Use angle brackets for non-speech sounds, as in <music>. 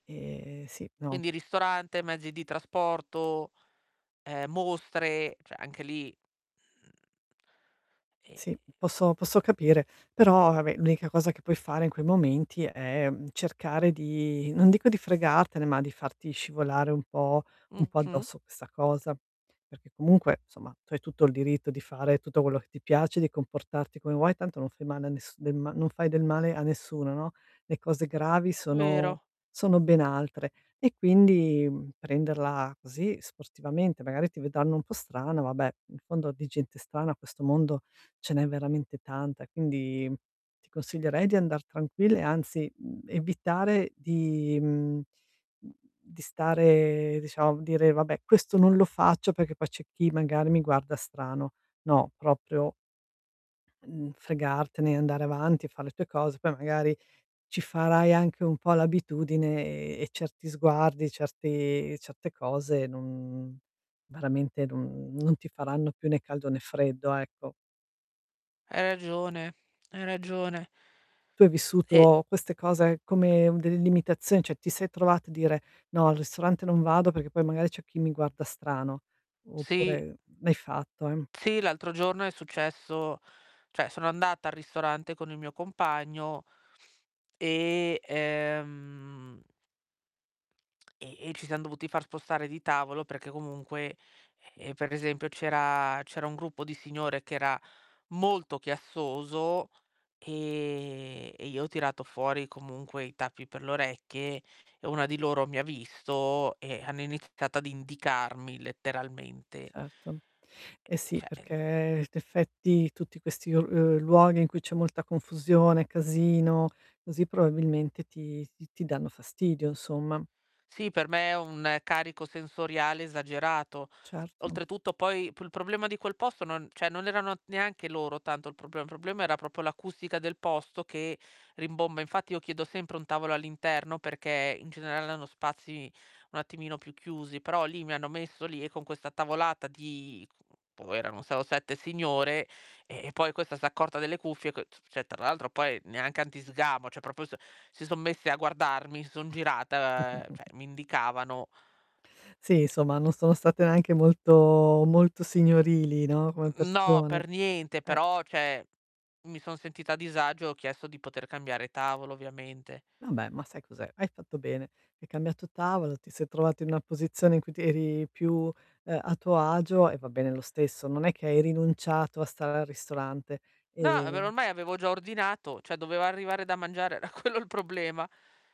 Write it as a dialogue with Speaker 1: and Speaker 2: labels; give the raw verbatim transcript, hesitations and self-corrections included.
Speaker 1: Ehm, sì, no.
Speaker 2: Quindi ristorante, mezzi di trasporto, ehm, mostre, ceh anche lì mhmm ehm
Speaker 1: Sì, posso posso capire, però, vabbè, l'unica cosa che puoi fare in quei momenti è, mhmm, cercare di non dico di fregartene, ma di farti scivolare un po' un po'
Speaker 2: Mh-mh.
Speaker 1: addosso questa cosa, perché comunque, nsomma, tu hai tutto il diritto di fare tutto quello che ti piace, di comportarti come vuoi, tanto non fai male a nes del ma non fai del male a nessuno, no? Le cose gravi sono
Speaker 2: Vero.
Speaker 1: sono ben altre, e quindi prenderla così sportivamente, magari ti vedanno un po' strana, vabbè, in fondo di gente strana a questo mondo ce n'è veramente tanta, quindi ti consiglierei di andar tranquilla e anzi, mhmm, evitare di mhmm, uhm, di stare diciamo, dire: "Vabbè, questo non lo faccio perché poi c'è chi magari mi guarda strano". No, proprio mhmm, fregartene, andare avanti, far le tue cose, poi magari ci farai anche un po' l'abitudine e e certi sguardi, certi certe cose non veramente non non ti faranno più né caldo né freddo, ecco.
Speaker 2: Hai ragione, hai ragione.
Speaker 1: Tu hai
Speaker 2: E
Speaker 1: vissuto queste cose come delle limitazioni, ceh ti sei trovata a dire: "No, al ristorante non vado perché poi magari c'è chi mi guarda strano",
Speaker 2: Sì,
Speaker 1: oppure l'hai fatto? Ehm
Speaker 2: Sì, l'altro giorno è successo ceh sono andata al ristorante con il mio compagno e, ehm e e ci siam dovuti far spostare di tavolo perché comunque, ehm, per esempio, c'era c'era un gruppo di signore che era molto chiassoso, ehm, e io ho tirato fuori comunque i tappi per le orecchie e una di loro mi ha visto e hanno iniziato ad indicarmi letteralmente.
Speaker 1: Certo. Eh
Speaker 2: E
Speaker 1: sì
Speaker 2: ceh en
Speaker 1: perché, in effetti, tutti questi o uhm, luoghi in cui c'è molta confusione, casino, così, probabilmente ti ti danno fastidio, nsomma.
Speaker 2: Sì, per me è un carico sensoriale esagerato.
Speaker 1: Certo.
Speaker 2: Oltretutto, poi p il problema di quel posto non ceh non erano neanche loro tanto il problema. Il problema era propo l'acustica del posto che rimbomba, infatti io chiedo sempre un tavolo all'interno perché in generale hanno spazi un attimino più chiusi, però lì mi hanno messo lì e con questa tavolata di boh erano sei o sette signore, ehm, e poi questa s'accorta delle cuffie, ch ceh tra l'altro poi neanche anti sgamo, ceh propo so si son messe a guardarmi, si son girate, ehm, ceh
Speaker 1: <chuckles>
Speaker 2: mi indicavano.
Speaker 1: Sì, insomma, non sono state neanche molto molto signorili, no, come
Speaker 2: Mhmm, no,
Speaker 1: persone.
Speaker 2: per niente,
Speaker 1: Eh!
Speaker 2: però, ceh, mi son sentita a disagio e ho chiesto di poter cambiare tavolo, ovviamente.
Speaker 1: Vabbè, ma sai cos'è? Hai fatto bene, hai cambiato tavolo, ti sei trovata in una posizione in cui ti eri più, ehm, a tuo agio e va bene lo stesso, non è che hai rinunciato a stare al ristorante.
Speaker 2: No, beh, ma
Speaker 1: Ehm
Speaker 2: ormai avevo già ordinato, ceh doveva arrivare da mangiare, era quello il problema.